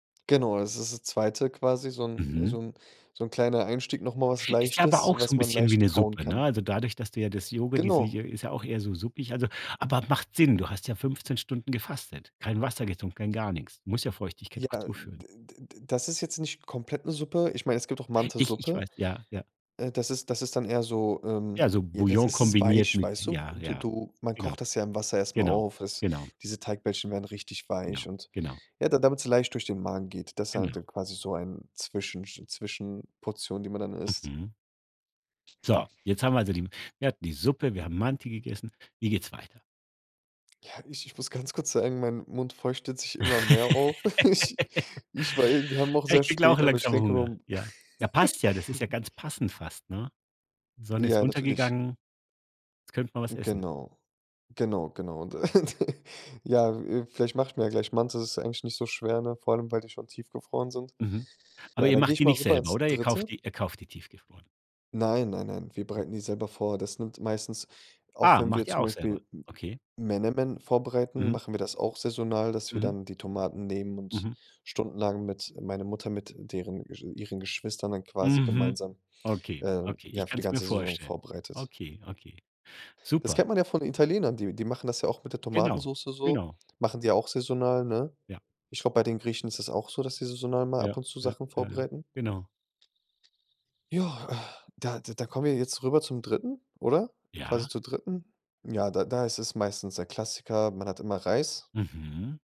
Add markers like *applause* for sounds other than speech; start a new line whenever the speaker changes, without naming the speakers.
Genau, das ist das 2. quasi, so 'n äh,
Mhm.
so 'n so 'n kleiner Einstieg, noch mal was
Ist ja aber
Leichtes,
auch so
was
'n
man
bisschen wie
leicht
'ne
kauen
Suppe, ne,
kann.
also, dadurch, dass du ja das Jogu die s
Genau.
ist auch eher so suppig, also, aber macht Sinn. Du hast ja 15 Stunden gefastet, kein Wasser getrunken, kein gar nichts du musst ja Feuchtigkeit
Ja,
auch zuführen.
d d d das ist jetzt nicht komplett 'ne Suppe ich meine, es gibt auch
Ich ich
Mantisuppe,
weiß, ja, ja.
äh, das ist das ist dann eher so, ähm,
Ja, so
j das
Bouillon
ist es
kombiniert
weich,
mit
weißt du?
ja,
Du
ja,
du man
genau.
kocht das ja im Wasser erst mal
Genau.
auf, es
Genau.
diese Teigbällchen werden richtig weich
Genau,
und,
genau.
ja, da damit sie leicht durch den Magen geht. Deshalb
Genau.
dann quasi so ein Zwischensch Zwischenportion, die man dann isst.
Mhm. So, jetzt haben wir, also, die wir hatten die Suppe, wir haben Manti gegessen. Wie geht's weiter?
Ja, ich ich muss ganz kurz sagen, mein Mund feuchtet sich immer mehr auf. *chuckles* Ich
*chuckles*
ich war eben wir haben auch
Ja,
sehr
ich kriege auch
spät, aber ich
langsam
denke mal
Hunger.
um
Ja. Ja, passt ja, das ist ja
*chuckles*
ganz passend fast, ne? Sonne ist
Ja, natürlich.
untergegangen. Jetzt könnten wir was essen.
Genau. Genau, genau. Und, äh, *chuckles* ja, äh, vielleicht mache ich mir ja gleich Mantis, das ist eigentlich nicht so schwer, ne, vor allem, weil die schon tiefgefroren sind.
Mhm. Aber
Ja,
ihr
dann gehe
macht
ich
die
mal
nicht
rüber
selber,
ins
oder ihr kauft
3.
die ihr kauft die tiefgefroren?
Nein, nein, nein, wir bereiten die selber vor. Das nimmt meistens auch
Ah,
wenn wir
macht ihr
zum
auch selber.
Beispiel M
Okay.
Menemen vorbereiten,
Mhm.
machen wir das auch saisonal, dass wir
Mhm.
dann die Tomaten nehmen und
Mhm.
stundenlang mit meine Mutter mit deren ihren Geschwistern dann quasi
Mhm.
gemeinsam,
Okay,
äh,
okay, ich
ja, für die
kann's mir
ganze Saison
vorstellen.
vorbereitet.
Okay, okay,
Das
super.
kennt man ja von Italienern, die die machen das ja auch mit der
Genau,
Tomatensoße so,
genau.
machen die auch saisonal, ne?
Ja.
Ich glaube, bei den Griechen ist es auch so, dass sie saisonal mal ab
Ja,
und zu
ja,
Sachen
ja, ja.
vorbereiten.
Genau.
Ja, äh, da da kommen wir ja jetzt rüber zum 3. oder? Quasi
Ja.
zur 3. ja, da da ist es meistens der Klassiker, man hat immer Reis.
Mhm.